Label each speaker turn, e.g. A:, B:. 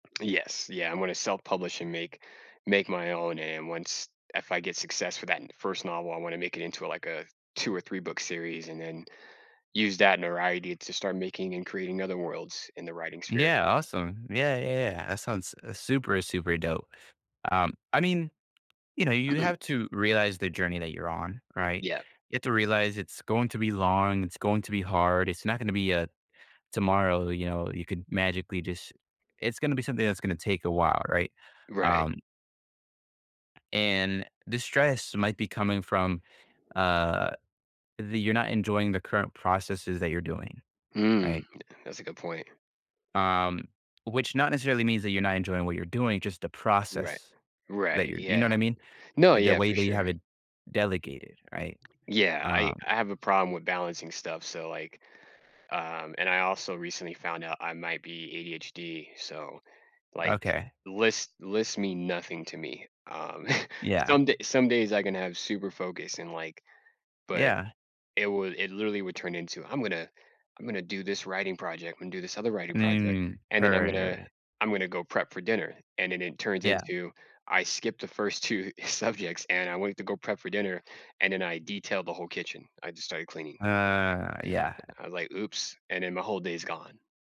A: Yes yeah, I'm gonna self-publish and make make my own and once if I get success for that n first novel I wanna make it into, like, a 2 or three-book series, and then use that notoriety to start making and creating other worlds in the writing sphere.
B: Yeah, awesome. Yeah, y yeah, that sounds, uh, super, super dope. Um, I mean, you know, you have to realize the journey that you're on, right?
A: Yeah.
B: You have to realize it's going to be long, it's going to be hard, it's not gonna be, uh, tomorrow, you know, you could magically just it's gonna be something that's gonna take a while, right?
A: Right.
B: Um and the stress might be coming from, uh, the you're not enjoying the current processes that you're doing,
A: Mm,
B: right?
A: th that's a good point.
B: Um, which not, necessarily means that you're not enjoying what you're doing, just the
A: Right.
B: process that
A: Right,
B: you're you know
A: yeah.
B: what I mean?
A: No
B: The
A: yeah,
B: way
A: for
B: that you
A: sure.
B: have it delegated, right?
A: Yeah, I
B: Um
A: I have a problem with balancing stuff, so, like, um and I also recently found out I might be ADHD, so, like,
B: Okay.
A: lists lists mean nothing to me, um,
B: Yeah.
A: some day some days I can have super focus and, like but,
B: Yeah.
A: it would it, literally, would turn into "I'm gonna I'm gonna do this writing project, I'm gonna do this other writing project,
B: Mm,
A: and then I'm
B: hurry,
A: gonna
B: hurry.
A: I'm gonna go prep for dinner." And then it turns
B: Yeah.
A: into, I skipped the first 2 subjects, and I went to go prep for dinner, and then I detailed the whole kitchen, I just started cleaning,
B: Uh, yeah.
A: like I was like, "Oops." And then my whole day's gone.